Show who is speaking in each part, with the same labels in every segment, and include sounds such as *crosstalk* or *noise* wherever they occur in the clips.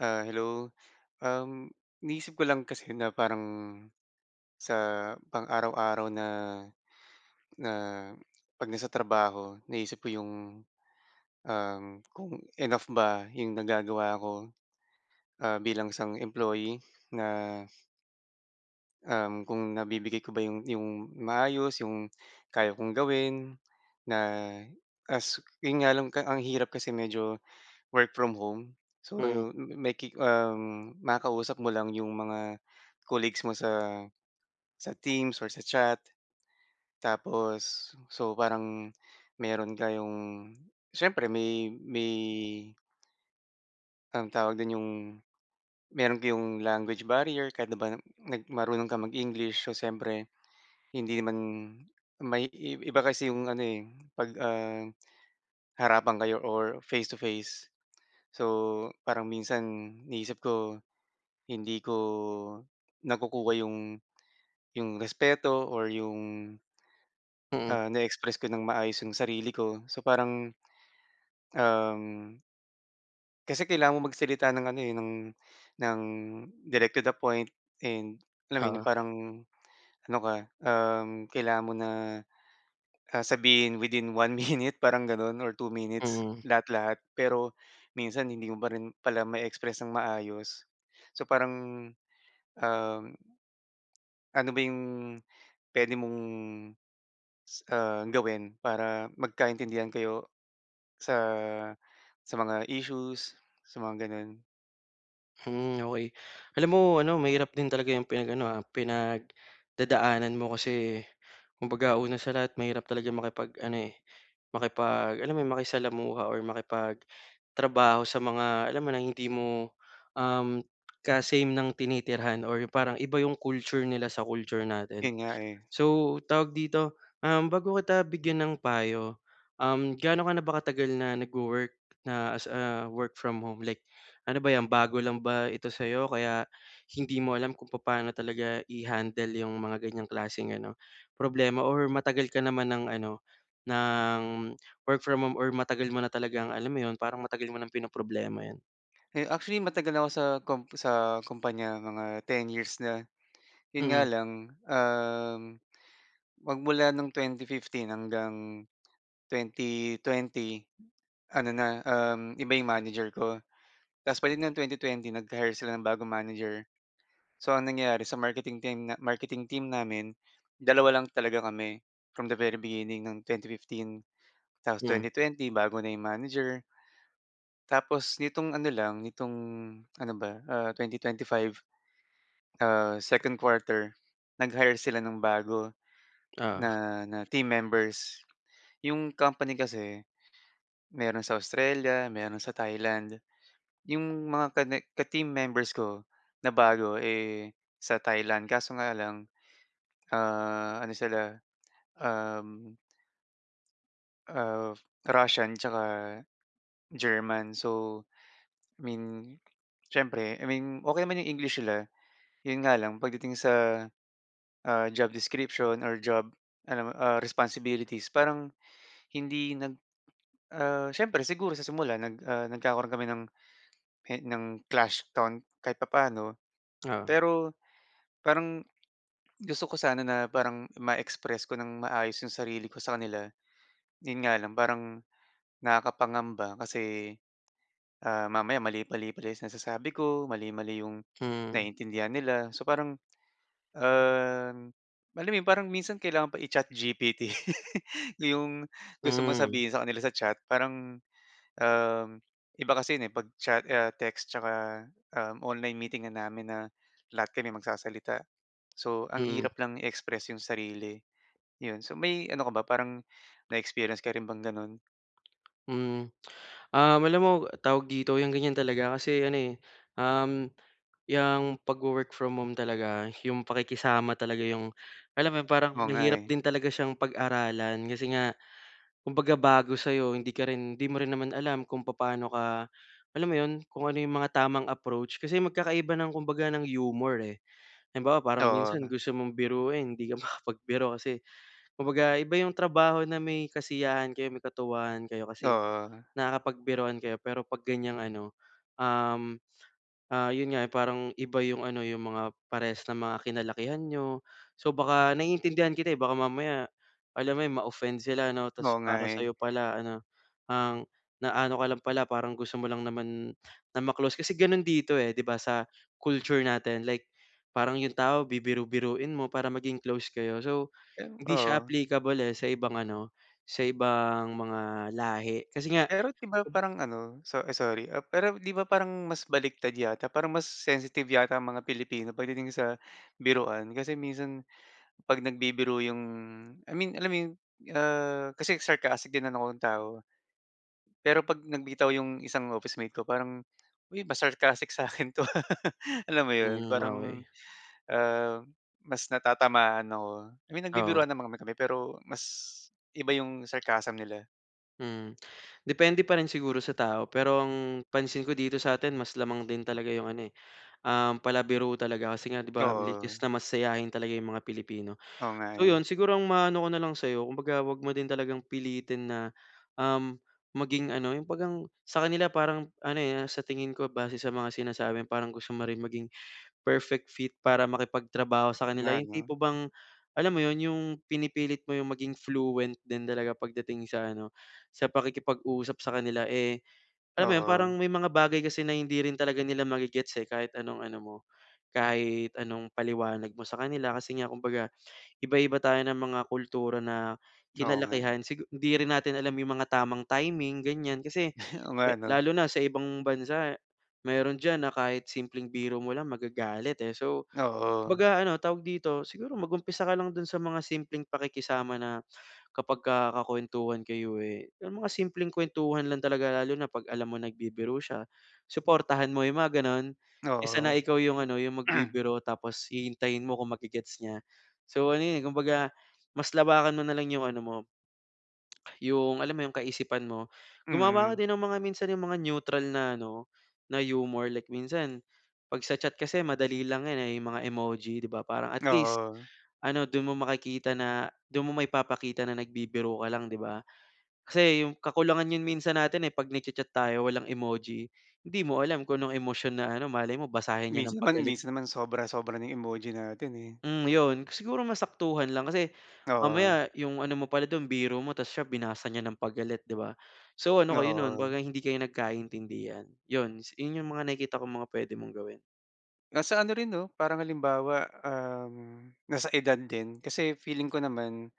Speaker 1: Ah, hello. Um, iniisip ko lang kasi na parang sa pang-araw-araw na na pag nasa trabaho. Naisip ko yung, um kung enough ba yung nagagawa ko. Ah, bilang isang employee na Um, kung nabibigay ko ba yung yung maayos, yung kaya kong gawin, na as yun nga lang ang hirap kasi medyo work from home. So,
Speaker 2: Mm.
Speaker 1: yun may ki um, makakausap mo lang yung mga colleagues mo sa sa Teams or sa chat. Tapos, so, parang meron kayong siyempre may may anong tawag dun, yung meron kayong language barrier. Kahit na ba na marunong kang mag English. So siyempre hindi naman, may iba kasi yung ano, eh, pag, um, harapan kayo or face to face. So parang minsan iniisip ko, hindi ko nakukuha yung yung respeto or yung
Speaker 2: Mm.
Speaker 1: ah, na express ko ng maayos yung sarili ko. So, parang, um Kasi kailangan mo magsalita ng ano, eh, ng, ng direct to the point and alam mo yun
Speaker 2: Oo.
Speaker 1: parang ano ka, um, kailangan mo na, ah, sabihin within 1 minute parang gano'n or 2 minutes
Speaker 2: Hmm.
Speaker 1: lahat, lahat. Pero minsan hindi mo pa rin pala ma-e-express ng maayos. So parang, um, ano ba yung puwede mong, ah, gawin para magkaintindihan kayo sa, sa mga issues sa mga gano'n?
Speaker 2: Hmm, okey. Alam mo ano mahirap din talaga yung pinag-ano, ah, pinagdadaanan mo. Kasi, kumbaga una sa lahat mahirap talaga makipag ano, eh, makipag alam mo yun, makisalamuha or makipagtrabaho sa mga alam mo ng hindi mo, um, ka same ng tinitirhan or parang iba yung culture nila sa culture natin.
Speaker 1: Yun nga, eh.
Speaker 2: So, tawag dito, um, bago kita bigyan ng payo, um, gaano ka na ba katagal na nagwo-work na as a work-from-home? Like ano ba yan bago lang ba ito sayo kaya hindi mo alam kung papaano talaga i-handle yung mga ganyang klaseng ano, problema, or matagal ka naman ng ano ng work-from-home, or matagal mo na talagang alam mo yun parang matagal mo ng pinoproblema yan?
Speaker 1: Eh, actually matagal nako sa kum sa kumpanya mga 10 years na, 'yon nga
Speaker 2: Mm.
Speaker 1: lang, um, magmula noong 2015 hanggang 2020 ano na, um, iba 'yong manager ko ta's pagdating ng 2020 nag-hire sila ng bagong manager. So ang nangyari sa marketing team marketing team namin 2 lang talaga kami from the very beginning ng 2015 tapos
Speaker 2: Hmm.
Speaker 1: 2020 bago na 'yong manager. Tapos, nitong ano lang nitong ano ba, ah, 2025. Ah, 2nd quarter nag-hire sila ng bago
Speaker 2: Oo.
Speaker 1: na, na team members. Yung company kasi mayro'n sa Australia, mayro'n sa Thailand, yung mga ka ne ka team members ko na bago, eh, sa Thailand kaso nga lang, ah, ano sila, um ah Russian 'tsaka German so, I mean siyempre, I mean okey naman yung English nila yun nga lang pagdating sa, ah, job description or job ano, ah, responsibilities parang hindi nag ah, siyempre siguro sa simula nag, ah, nagkakaroon kami ng e ng clash on kahit papaano
Speaker 2: Oo.
Speaker 1: pero parang gusto ko sana na parang ma-express ko ng maayos yung sarili ko sa kanila, 'yon nga lang parang nakakapangamba kasi, ah, mamaya mali-mali pa pala nasasabi ko, mali-mali yung
Speaker 2: Mm.
Speaker 1: naiintindihan nila so parang, um, alam mo yun parang minsan kailangan pa i-chat GPT. *laughs* Yung gusto mong
Speaker 2: Hmm.
Speaker 1: sabihin sa kanila sa chat parang, um, iba kasi yon, eh, 'pag chat text 'tsaka, um, online meeting na namin na lahat kami magsasalita. So ang
Speaker 2: Hmm.
Speaker 1: hirap lang i-express 'yong sarili, 'yon so may ano ka ba parang na-experience ka rin bang gano'n?
Speaker 2: Mm. Um, alam mo, tawag dito yung ganyan talaga kasi ano, eh, um, yang pag wo-work from home talaga, yung pakikisama talaga yung alam mo yun parang
Speaker 1: Oo nga,
Speaker 2: mahirap
Speaker 1: eh.
Speaker 2: din talaga siyang pag-aralan. Kasi nga, kumbaga bago sa'yo hindi ka rin hindi mo rin naman alam kung papaano ka, alam mo yun kung ano yung mga tamang approach. Kasi magkakaiba ng kumbaga ng humor, eh. Halimbawa parang minsan
Speaker 1: Oo.
Speaker 2: gusto mong biruin hindi ka makapagbiro kasi kumbaga iba yung trabaho na may kasiyahan kayo, may katuwaan kayo kasi
Speaker 1: Oo.
Speaker 2: nakakapagbiruan kayo. Pero pag ganyang ano, um, ah, yun nga, eh, parang iba yung ano yung mga parehas na mga kinalakihan niyo. So baka naiintindihan kita, eh. Baka mamaya alam mo, eh, ma-offend sila 'no. Tapos
Speaker 1: Oo nga,
Speaker 2: para
Speaker 1: eh.
Speaker 2: sa'yo pala ano, ang naano ka lang pala parang gusto mo lang naman na ma close. Kasi ganun dito, eh, 'di ba sa culture natin. Like, parang yung tao bibiru-biruin mo para maging close kayo. So
Speaker 1: Yan,
Speaker 2: hindi siya
Speaker 1: oo.
Speaker 2: applicable eh sa ibang ano, sa ibang mga lahi. Kasi nga
Speaker 1: Pero 'di ba parang ano, so ay sorry. Pero di ba parang mas baliktad yata, parang mas sensitive yata ang mga Pilipino pagdating sa biruan. Kasi minsan pag nagbibiro yung I mean alam mo yun, ah, kasi sarcastic din na akong tao. Pero pag nagbitaw yung isang officemate ko parang, uy mas sarcastic saakin to, ah. Alam mo yun,
Speaker 2: Hmm, okey.
Speaker 1: parang, ah, mas natatamaan ako. I mean
Speaker 2: Oo.
Speaker 1: nagbibiruan naman kami kami, pero mas iba yung sarcasm nila.
Speaker 2: Hmm, depende parin siguro sa tao. Pero ang pansin ko dito saatin mas lamang din talaga yung ano, eh, um, palabiro talaga. Kasi nga 'di ba likas
Speaker 1: Oo.
Speaker 2: na masayahin talaga yung mga Pilipino.
Speaker 1: Oo nga,
Speaker 2: So, yun,
Speaker 1: eh.
Speaker 2: siguro ang maaano ko na lang saiyo kumbaga huwag mo din talagang pilitin na, um, maging ano yung pag ang sakanila parang ano, eh, ah, sa tingin ko base sa mga sinasabi parang gusto mo rin maging perfect fit para makipagtrabaho sakanila.
Speaker 1: Nga
Speaker 2: Yung
Speaker 1: 'no.
Speaker 2: tipo bang, alam mo yun yung pinipilit mo yung maging fluent din talaga pagdating sa ano sa pakikipag-usap sakanila, eh, alam mo yun parang
Speaker 1: Oo.
Speaker 2: may mga bagay kasi na hindi rin talaga nila ma-ge-gets, eh, kahit anong ano mo, kahit anong paliwanag mo sakanila. Kasi nga kumbaga iba-iba tayo ng mga kultura na
Speaker 1: Oo nga.
Speaker 2: kinalakihan sigu hindi rin natin alam yung mga tamang timing ganyan. Kasi
Speaker 1: *chuckles* Onga 'no.
Speaker 2: lalo na sa ibang bansa meron diyan na kahit simpleng biro mo lang magagalit, eh. So,
Speaker 1: Oo.
Speaker 2: kumbaga ano tawag dito, siguro mag-umpisa ka lang dun sa mga simpleng pakikisama na kapagka kakuwentuhan kayo, eh, yung mga simpleng kwentuhan lang talaga. Lalo na pag alam mong nagbibiro siya, suportahan mo yung mga ganun. Kesa
Speaker 1: Oo.
Speaker 2: na ikaw yung ano, yung
Speaker 1: *clears throat*
Speaker 2: magbibiro tapos hihintayin mo kung ma-ge-gets niya. So, ano, eh, kumbaga mas lawakan mo nalang yung ano mo, yung alam mo yung kaisipan mo. Gumawa ka
Speaker 1: Mhm.
Speaker 2: din ng mga minsan yung mga neutral na ano, na humor. Like minsan pag sa chat kasi madali lang yan, eh, yung mga emoji 'di ba. Parang at least
Speaker 1: Oo.
Speaker 2: ano dun mo makikita na, dun mo maipapakita na nagbibiro ka lang 'di ba. Kasi yung kakulangan yun minsan natin, eh, pag nag-cha-chat tayo walang emoji. Hindi mo alam kung anong emosyon na ano malay mo basahin niya ng
Speaker 1: Minsan naman
Speaker 2: pagalit.
Speaker 1: minsan naman sobra, sobra na yung emoji natin, eh.
Speaker 2: Hmm, yun, siguro mas saktuhan lang. Kasi
Speaker 1: Oo.
Speaker 2: mamaya yung ano mo pala dun, biro mo tapos siya binasa niya ng pagalit 'di ba. So, ano kayo nun,
Speaker 1: Oo.
Speaker 2: kumbaga hindi kayo nagkaintindihan. Yun, yung ang mga nakikita kong mga pwede mong gawin.
Speaker 1: Nasa ano rin 'no, parang halimbawa, um, nasa edad din. Kasi feeling ko naman,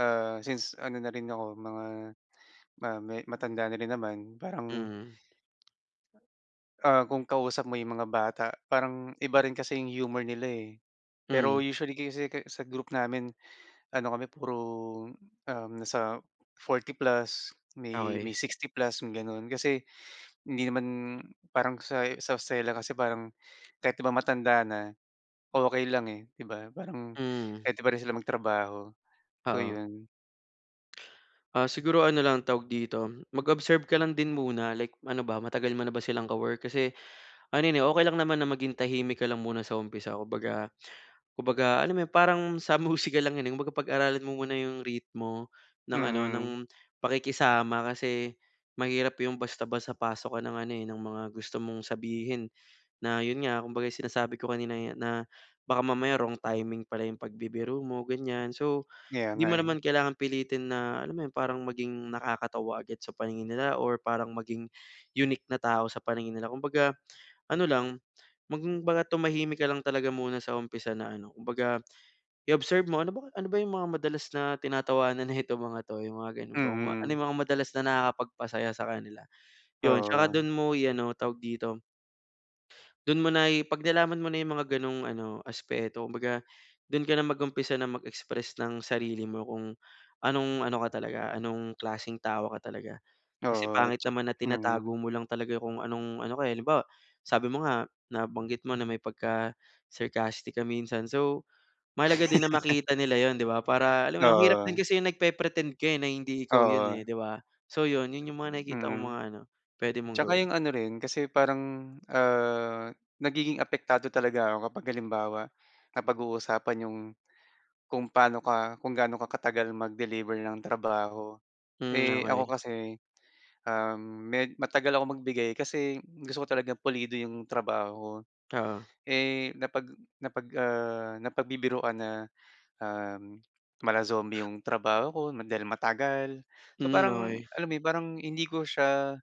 Speaker 1: ah, since ano na rin ako mga, ah, me matanda na rin naman parang
Speaker 2: Hmm.
Speaker 1: ah, kung kausap mo yung mga bata parang iba rin kasi yung humor nila, eh. Pero
Speaker 2: Mm.
Speaker 1: usually kasi kasi sa group namin ano kami puro, um, nasa 40+ May,
Speaker 2: Okey.
Speaker 1: may 60+ yung gano'n. Kasi hindi naman parang sa, sa Australia kasi parang kahit di ba matanda na, okey lang, eh, di ba? Parang
Speaker 2: Hmm.
Speaker 1: pwede pa rin sila magtrabaho, so
Speaker 2: Oo.
Speaker 1: yun.
Speaker 2: Ah, siguro ano lang tawag dito mag-observe ka lang din muna. Like ano ba, matagal mona ba silang ka work? Kasi, ano yan, eh, okey lang naman na maging tahimik ka lang muna sa umpisa. Kumbaga, kumbaga alam mo yun parang sa musika lang yan, eh, kumbaga pag-aralan mo muna yung ritmo ng ano
Speaker 1: Mm.
Speaker 2: ng pakikisama. Kasi, mahirap yung basta-basta pasok ka ng ano, eh, ng mga gusto mong sabihin. Na yun nga kumbaga sinasabi ko kanina, eh, na baka mamaya wrong timing pala yung pagbibiro mo, ganyan. So
Speaker 1: Kaya nga,
Speaker 2: di mo
Speaker 1: eh.
Speaker 2: naman kailangan pilitin na alam mo yun parang maging nakakatawa agad sa paningin nila or parang maging unique na tao sa paningin nila. Kumbaga ano lang, kumbaga tumahimik ka lang talaga muna sa umpisa na ano kumbaga i-observe mo, "Ano bang, ano ba yung mga madalas na tinatawanan nito mga 'to?" Yung mga gano'n ba kung ano
Speaker 1: Mm.
Speaker 2: yung mga madalas na nakakapagpasaya sakanila? Yun, 'tsaka
Speaker 1: Oo.
Speaker 2: do'n mo i-ano tawag dito? do'n mo na pag nalaman mo na yung mga ganong ano aspeto kumbaga do'n kana mag-umpisa na mag express ng sarili mo kung anong ano ka talaga, anong klaseng tao ka talaga. Kasi
Speaker 1: Oo.
Speaker 2: pangit
Speaker 1: 'tsak
Speaker 2: naman na tinatago
Speaker 1: Mm.
Speaker 2: mo lang talaga kung anong ano ka, eh. Halimbawa sabi mo nga nabanggit mo na may pagka sarcastic ka minsan. So, mahalaga din na makita nila yun di ba?
Speaker 1: *laughs*
Speaker 2: Para alam mo yung ang hirap din
Speaker 1: Oo.
Speaker 2: kasi yung nag pe-pretend ka, eh, na hindi ikaw yun,
Speaker 1: Oo.
Speaker 2: eh, di ba? So, yun yun yung mga nakikita kong
Speaker 1: Mhm.
Speaker 2: mga ano puwede mong
Speaker 1: 'Tsaka
Speaker 2: gawin.
Speaker 1: yung ano rin kasi parang, ah, nagiging apektado talaga ako kapag halimbawa napaag-uusapan yung, kung paano ka kung gaano ka katagal mag-deliver ng trabaho.
Speaker 2: Hmm, *smacks lips*
Speaker 1: Eh, ako
Speaker 2: okey.
Speaker 1: kasi, um, med matagal akong magbigay kasi gusto ko talaga pulido yung trabaho ko.
Speaker 2: Oo.
Speaker 1: Eh, napag napag, ah, napagbibiruan na, ah, mala zombie yung trabaho ko dahil matagal. So
Speaker 2: Hmm,
Speaker 1: parang
Speaker 2: okey.
Speaker 1: alam mo yun parang hindi ko siya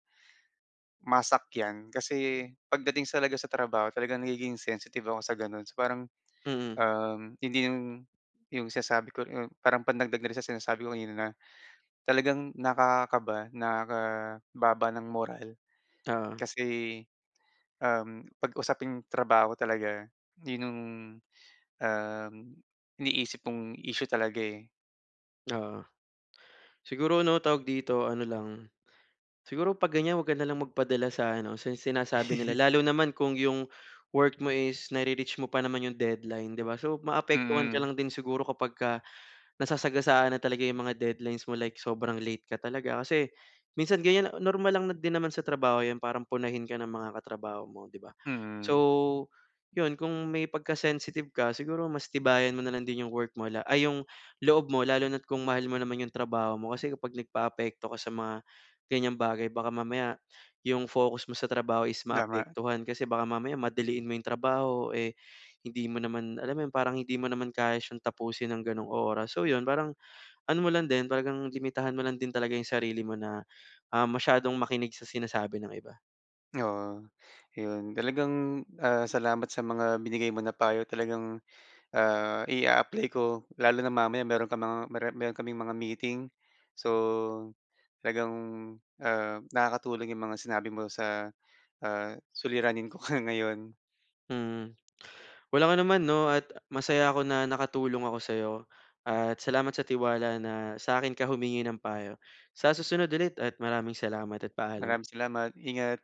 Speaker 1: masakyan kasi pagdating talaga sa trabaho talagang nagiging sensitive ako sa gano'n. So parang,
Speaker 2: Mm.
Speaker 1: um, hindi yung yung sinasabi ko yung parang pandagdag na rin sa sinasabi ko kanina na talagang nakakaba nakababa ng moral.
Speaker 2: Oo.
Speaker 1: Kasi, um, pag usaping trabaho talaga yun yung, um, iniisip mong issue talaga, eh.
Speaker 2: Oo. Siguro, ano tawag dito, ano lang siguro pag ganyan huwag ka nalang magpadala sa ano sa sinasabi nila.
Speaker 1: *chuckles*
Speaker 2: Lalo naman kung yung work mo is na-re-reach mo pa naman yung deadline 'di ba. So, maapektuhan ka
Speaker 1: Mm.
Speaker 2: lang din siguro kapagka nasasagasaan na talaga yung mga deadlines mo like sobrang late ka talaga. Kasi minsan ganyan, normal lang na din naman sa trabaho yan parang punahin ka ng mga katrabaho mo 'di ba?
Speaker 1: Mm.
Speaker 2: So, yun kung may pagka-sensitive ka siguro mas tibayan mo na lang din yung work mo la ay yung loob mo lalo na at kung mahal mo naman yung trabaho mo. Kasi kapag nagpa-apekto ka sa mga ganyang bagay baka mamaya yung focus mo sa trabaho is
Speaker 1: Tama.
Speaker 2: maapektuhan. Kasi baka mamaya madaliin mo yung trabaho, eh, hindi mo naman alam mo yun? Parang hindi mo naman kaya siyang tapusin ng ganoong oras. So, yun parang ano mo lang din, talagang limitahan mo lang din talaga yung sarili mo na, ah, masyadong makinig sa sinasabi ng iba.
Speaker 1: Oo 'yon, talagang, ah, salamat sa mga binigay mo na payo talagang, ah, i-a-apply ko. Lalo na mamaya meron kang mga meron kaming mga meeting. So, talagang, ah, nakakatulong 'yong mga sinabi mo sa, ah, suliranin ko nga ngayon.
Speaker 2: Hmm. Walang anuman 'no at masaya ako na nakatulong ako saiyo at salamat sa tiwala na saakin ka humingi ng payo. Sa susunod ulit at maraming salamat at paalam.
Speaker 1: Maraming salamat. Ingat!